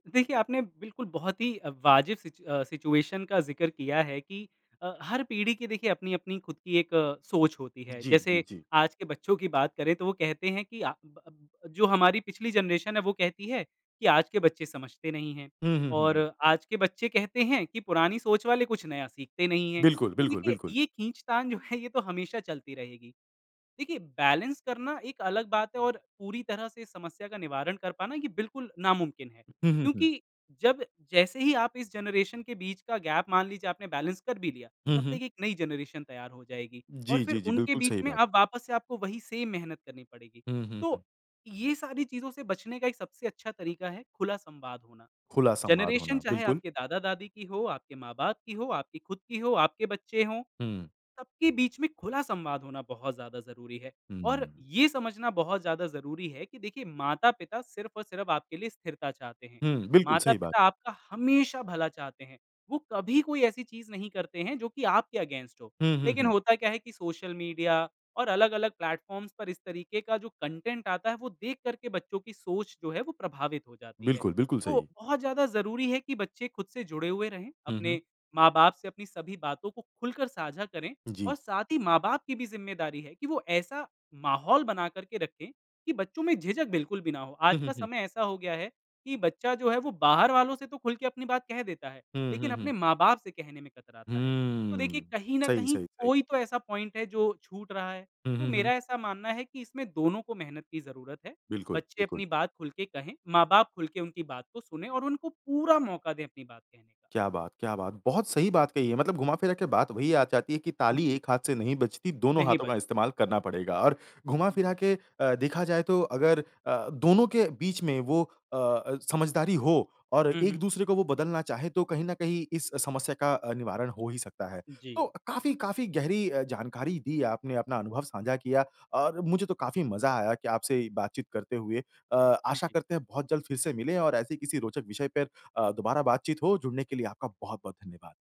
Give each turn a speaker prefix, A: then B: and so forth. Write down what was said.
A: देखिए, आपने बिल्कुल बहुत ही अ, वाजिब सिच अ, सिचुएशन का ज़िक्र किया है कि अ, हर पीढ़ी की देखिए अपनी अपनी खुद की एक अ, सोच होती है।
B: जी, हुँ,
A: जैसे
B: जी।
A: आज के बच्चों की बात करें तो वो कहते हैं कि अ, ब ब जो हमारी पिछली जनरेशन है, वो कहती है कि आज के बच्चे समझते नहीं हैं
B: हुँ, हुँ, हुँ, हुँ।
A: और आज के बच्चे कहते हैं कि पुरानी सोच वाले कुछ नया सीखते नहीं हैं।
B: बिल्कुल,
A: तो
B: बिल्कुल,
A: देखिए,
B: बिल्कुल।
A: ये खींचतान जो है, ये तो हमेशा चलती रहेगी। देखिए, बैलेंस करना एक अलग बात है और पूरी तरह से इस समस्या का निवारण कर पाना ये बिल्कुल नामुमकिन है।
B: हुँ, हुँ, हुँ।
A: क्योंकि जब जैसे ही आप इस जनरेशन के बीच का गैप मान लीजिए, आपने बैलेंस कर भी लिया,
B: हुँ,
A: तब
B: हुँ।
A: तक एक नई जनरेशन तैयार हो जाएगी और
B: जी,
A: फिर
B: जी, जी।
A: उनके
B: बिल्कुल,
A: बीच
B: सही
A: में
B: बात है।
A: अब वापस से आपको वही सेम मेहनत करनी पड़ेगी।
B: हुँ, हुँ, हुँ।
A: तो ये सारी चीज़ों से बचने का एक सबसे अच्छा तरीक़ा है, खुला संवाद होना।
B: खुला संवाद
A: जनरेशन
B: होना,
A: चाहे
B: बिल्कुल।
A: आपके दादा-दादी की हो, आपके माँ-बाप की हो, आपकी खुद की हो, आपके बच्चे हों।
B: हुँ।
A: सबके बीच में खुला संवाद होना बहुत ज़्यादा ज़रूरी है और
B: हुँ।
A: ये समझना बहुत ज़्यादा ज़रूरी है कि देखिए माता-पिता सिर्फ़ और सिर्फ़ आपके लिए स्थिरता चाहते हैं,
B: हुँ, बिल्कुल सही बात।
A: माता-पिता आपका हमेशा भला चाहते हैं। वो कभी कोई ऐसी चीज़ नहीं करते हैं, जो कि आपके अगेंस्ट हो।
B: हुँ, हुँ,
A: लेकिन
B: हुँ।
A: होता क्या है कि सोशल मीडिया और अलग-अलग प्लेटफ़ॉर्म्स पर इस तरीके का जो कंटेंट आता है, वो देख कर के बच्चों की सोच जो है वो प्रभावित हो जाती है।
B: बिल्कुल, बिल्कुल
A: तो
B: सही।
A: बहुत ज़्यादा ज़रूरी है कि बच्चे खुद से जुड़े हुए रहें,
B: हुँ, हुँ।
A: अपने माँ-बाप से अपनी सभी बातों को खुलकर साझा करें और
B: जी।
A: साथ ही माँ-बाप की भी ज़िम्मेदारी है कि वो ऐसा माहौल बना कर के रखें, कि बच्चों में झिझक बिल्कुल भी ना हो।
B: हुँ,
A: आज
B: हुँ,
A: का
B: हुँ।
A: समय ऐसा हो गया है कि बच्चा जो है वो बाहर वालों से तो खुलके अपनी बात कह देता है,
B: हुँ,
A: लेकिन
B: हुँ,
A: अपने
B: हुँ।
A: माँ-बाप से कहने में कतराता है। तो देखिए,
B: हुँ,
A: कहीं न
B: सही
A: कहीं
B: सही सही।
A: कोई तो ऐसा पॉइंट है जो छूट रहा है,
B: हुँ,
A: तो
B: हुँ, हुँ।
A: मेरा ऐसा मानना है कि इसमें दोनों को मेहनत की ज़रूरत है।
B: बिल्कुल,
A: बच्चे
B: बिल्कुल।
A: अपनी बात खुल के कहें, माँ-बाप खुल के उनकी बात को सुनें और उनको पूरा मौका दें अपनी बात कहने का।
B: क्या बात क्या बात। बहुत सही बात कही है। मतलब घुमा-फिरा के बात वही आ जाती है कि
A: उ,
B: ताली
A: जी।
B: एक हाथ से नहीं बजती दोनों
A: नहीं
B: हाथों
A: बच
B: का इस्तेमाल करना पड़ेगा। और घुमा-फिरा
A: जी।
B: के अ, देखा जाए तो अगर अ, दोनों के बीच में वो अ अ, समझदारी हो और
A: हुँ, हुँ।
B: एक-दूसरे को वो बदलना चाहें, तो कहीं न कहीं इस समस्या का अ, निवारण हो ही सकता है। तो,
A: जी।
B: काफ़ी काफ़ी गहरी अ, जानकारी दी आपने, अपना अनुभव साझा किया। और मुझे तो काफ़ी मज़ा आया कि आपसे ये बातचीत करते हुए अ,
A: उ,
B: आशा
A: जी।
B: करते हैं बहुत जल्द फिर से मिलें और ऐसे किसी रोचक विषय पर अ, दोबारा बातचीत हो। जुड़ने के लिए आपका बहुत-बहुत धन्यवाद।